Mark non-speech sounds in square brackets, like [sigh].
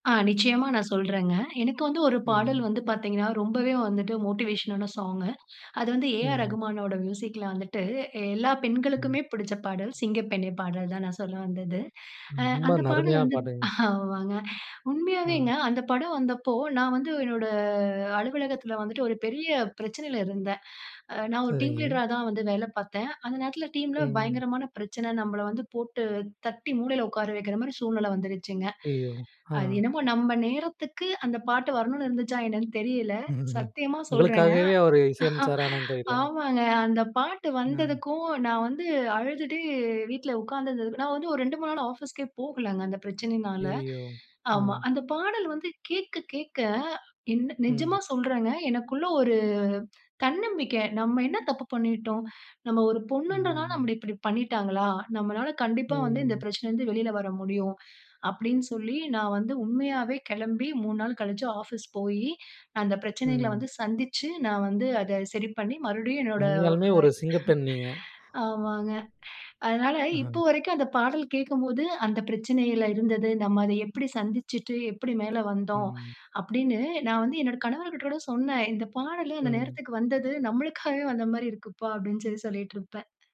ஆ, நிச்சயமா நான் சொல்றேங்க. எனக்கு வந்து ஒரு பாடல் ம். வந்து பார்த்தீங்கன்னா, ரொம்பவே வந்துட்டு, மோட்டிவேஷனான சாங்கு [inhales] அது வந்து ஏஆர் ம். ரகுமானோட மியூசிக்கில வந்துட்டு எல்லா ம். பெண்களுக்குமே பிடிச்ச பாடல். "சிங்கப்பெண்ணே" பாடல் தான் நான் சொல்ல வந்தது. [inhales] அ ரொம்ப, அந்த பாடல் அருமையான வந்து பாட்டுங்க. ஆமாங்க [inhales] உண்மையாகவேங்க. அ. அந்த படம் வந்தப்போ நான் வந்து என்னோட அ அலுவலகத்தில வந்துட்டு, ஒரு பெரிய பிரச்சனையில இருந்தேன். [inhales] அ நான் ஒரு டீம் சரிங்க. லீடரா தான் வந்து வேலை பாத்தேன். அந்த நேரத்தில டீமில ம். பயங்கரமான பிரச்சனை. நம்பள வந்து போட்டு தட்டி, மூலையில உட்கார வைக்கிற மாரி சூழ்நிலை வந்துருச்சுங்க. [inhales] ஐயோ! அது ஆ. என்னமோ நம்ப நேரத்துக்கு அந்த பாட்டு வரனுன்னு இருந்துச்சா என்னன்னு தெரியல. [laughs] சத்தியமா சொல்றேங்க உங்களுக்காகவே அவரு அ இசையமைச்சரானான்னு தெரியல! அ. ஆமாங்க அந்த பாட்டு அஹ். வந்ததுக்கும் நான் வந்து அழுதுட்டே வீட்ல உட்காந்து இருந்தது நான் வந்து ஒரு 2, 3 நாள் ஆஃபீஸ்‌க்கே போகலங்க அந்த பிரச்சனைனால, [inhales] ஐயய்யோ! ஆ. ஆமா. அந்த பாடல் வந்து கேட்க கேட்க என்ன நிஜமா ம். சொல்றேங்க, எனக்குள்ள ஒரு தன்னம்பிக்கை. "நம்ம என்ன தப்பு பண்ணிட்டோம்? நம்ம ஒரு பொண்ணுன்ன்றனால, ம். நம்மள இப்படி பண்ணீட்டாங்களா? நம்மளால கண்டிப்பா வந்து இந்த ம். பிரச்னைல இருந்து வெளில வரமுடியும்". [inhales] அப்படின்னு சொல்லி நான் வந்து உண்மையாவே கிளம்பி 3 நாள் கழிச்சு ஆஃபீஸ் போயி [inhales] அந்த பிரச்சனைங்கள ம். வந்து சந்திச்சு நான் வந்து அதை சரி பண்ணி மறுபடியும் என்னோட உண்மையாலுமே ஒரு சிங்கப்பெண் நீங்க! ஆமாங்க. [inhales] அதனால [inhales] இப்ப [chuckles] வரைக்கும் அந்த பாடல் கேட்கும்போது, அந்த பிரச்சனைல இருந்தது. நம்ம அதை எப்டி சந்திச்சுட்டு, எப்படி மேலே வந்தோம் ம். [inhales] அப்படின்னு நான் வந்து என்னோட கணவர்கிட்ட கூட சொன்னேன். "இந்த பாடலே அந்த ம். நேரத்துக்கு வந்தது, நம்மளுக்காவே வந்த மாதிரி இருக்குப்பா" அப்படின் சொல்லி சொல்லிட்டிருப்பேன்